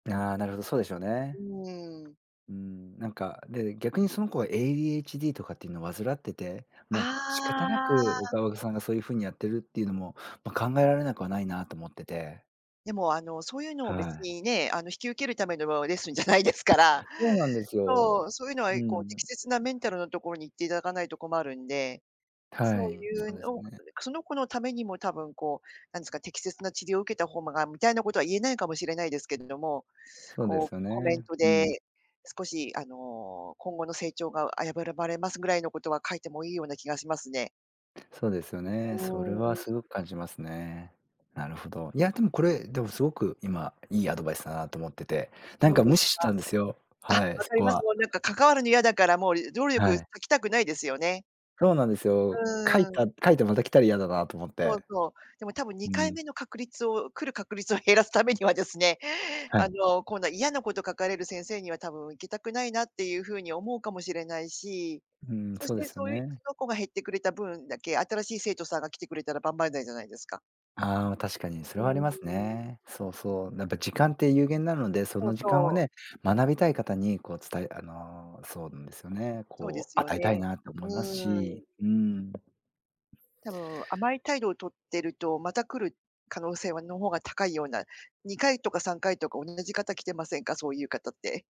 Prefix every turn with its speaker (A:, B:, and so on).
A: ああ、なるほど、そうでしょうね。
B: うーん。
A: うーん、なんか、で、逆にその子は ADHD とかっていうのを患ってて、
B: あ
A: もう仕方なく、お
B: あ。
A: かおさんがそういう風にやってるっていうのも、ま、考えられなくはないなと思ってて。
B: でも、あの、そういうのを
A: は
B: 別
A: い。
B: にね、あの、引き受けるためのレッスンじゃないですから、
A: そうなんですよ。
B: そう、そういうのは
A: う
B: こう、
A: ん。
B: 適切なメンタルのところに行っていただかないと困るんで、そ
A: は
B: う
A: い、
B: い
A: そう
B: うの、
A: です
B: そ
A: ね。
B: んで、くその子のためにもたぶんこう、なんですか、適切な治療を受けた方もがみたいなことは言えないかもしれないですけれども、
A: そうで
B: こ
A: す
B: う
A: よ
B: コメン
A: ね。
B: ト
A: うん。
B: で、少しあの、今後の成長が危ぶらばれますぐらいのことは書いてもいいような気がしますね。
A: そうですよね。それ
B: おお、
A: はす
B: い。
A: ごく感じますね。なるほど。いやでも、これ、でもすごく今いいアドバイスだなと思ってて、なん
B: そう
A: か
B: です
A: 無
B: か。
A: 視したんですよ。
B: あ、わ
A: はい、そ
B: かり
A: こ
B: ます。
A: は。
B: もうなんか関わるの嫌だから、もう労
A: は
B: 力
A: い。
B: かけたくないですよね。
A: そうなんです
B: う
A: よ。書い
B: ーん。
A: た書いてまた来たら嫌だなと思っ
B: そう
A: て。
B: そう、でも多分に
A: う
B: かい
A: ん。
B: めの確率を来る確率を減らすためにはですね、
A: は
B: あ
A: い。
B: の、今度は嫌なこと書かれる先生には、多分行きたくないなっていう風に思うかもしれないし、
A: うん、
B: そし
A: そう
B: て
A: ですよ
B: そういう、そ
A: ね。
B: の子が減ってくれた分だけ、新しい生徒さんが来てくれたら万々歳じゃないですか。
A: ああ、確かにそ
B: う
A: れはあり
B: ー
A: ます
B: ん。
A: ね。そうそう。なんか時間って有限なので、そ
B: そ
A: の
B: う
A: 時間を
B: そう。
A: ね、学びたい方にこう伝えあの、そうなんですよね、
B: そうで
A: こう
B: すよ
A: 与えたい
B: ね。
A: なと
B: う
A: 思います
B: ーん。
A: し。うーん。
B: たぶん甘い態度をとってると、また来る可能性はの方が高いような、2回とか3回とか、おんなじ方来てませんか？そういう方って。